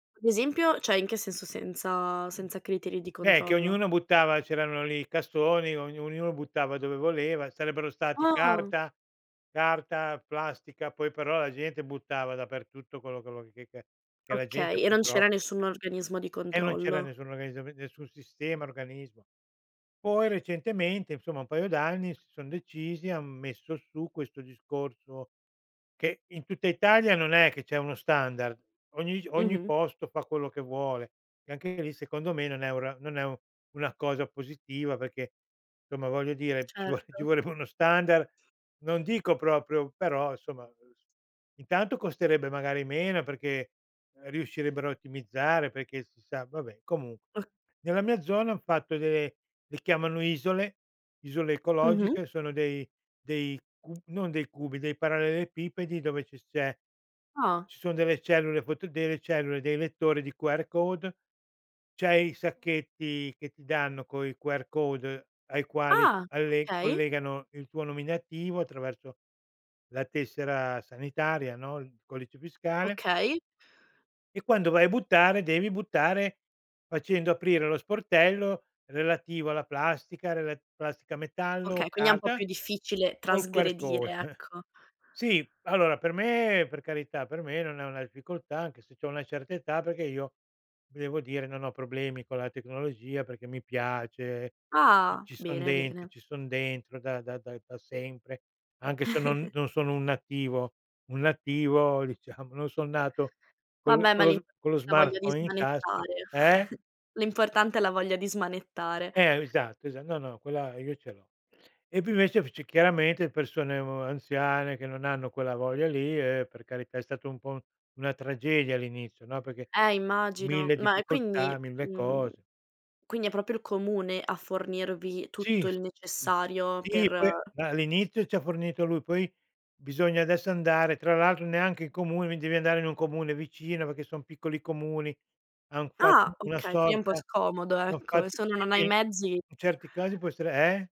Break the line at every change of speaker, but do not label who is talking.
Ad esempio, cioè in che senso senza senza criteri di
Beh, che
controllo?
ognuno buttava c'erano lì i cassoni, ognu ognuno buttava dove voleva, sarebbero stati
Ah!
carta carta, plastica, poi però la gente buttava dappertutto quello quello che ca che la
Okay,
gente
e non
purtroppo
c'era nessun organismo di
E non c'era
controllo.
nessuna organizzam nessun sistema, organismo. Poi recentemente, insomma, un paio d'anni, si son decisi, han messo su questo discorso che in tutta Italia non è che c'è uno standard, ogni ogni
Mh-mh.
posto fa quello che vuole e anche lì secondo me non è un ra non è una cosa positiva perché, insomma, voglio dire, ci vo ci
Certo.
vorrebbe uno standard, non dico proprio, però insomma intanto costerebbe magari meno, e perché riuscirebbero a ottimizzare, perché si sa vabbè, comunque
O
nella mia zona han fatto delle le chiamano isole, isole
Mh-mh.
ecologiche, sono dei dei cu non dei cubi, dei parallelepipedi dove ci s c'è,
Ah.
ci sono delle cellule foto delle cellule, dei lettori di QR code, c'hai sacchetti che ti danno coi QR code, ai quali
Ah!
alle
Okay.
collegano il tuo nominativo attraverso la tessera sanitaria, no, il codice fiscale
Okay.
e quando vai a buttare, devi buttare facendo aprire lo sportello relativo alla plastica, relat plastica, metallo,
Okay, quindi è un po' più
carta
difficile
col QR
trasgredire,
code.
ecco.
Sì, allora per me, per carità, per me non è una difficoltà anche se c'ho una certa età, perché io devo dire non ho problemi con la tecnologia perché mi piace, c
Ah.
ci son
Bene,
dentro,
bene.
ci son dentro da da da da sempre, anche se non non sono un nativo, un nativo, diciamo, non son nato con l
Vabbè,
con
ma
lo s con lo
l'importante è la voglia di
smartphone in tasca
smanettare.
eh?
L'importante è la voglia di smanettare.
Eh, esatto, esa no, no, quella io ce l'ho. E poi invece c'è chiaramente persone, uhm, anziane che non hanno quella voglia lì e, per carità, è stato un po' una tragedia all'inizio, no, perché
Eh immagino,
1000
ma quindi,
difficoltà, 1000
mhmm,
cose.
quindi è proprio il comune a fornirvi
Sì,
tutto
s
il necessario per
sì, poi ma all'inizio ce li ha forniti lui, poi bisogna adesso andare, tra l'altro neanche in comune, mi devi andare in un comune vicino, perché son piccoli comuni, han fatto
Ah,
una
okay. Quindi è un po'
sorta
scomodo,
hanno
ecco.
fatto,
Se uno non ha
sì,
i mezzi
in certi casi può essere eh?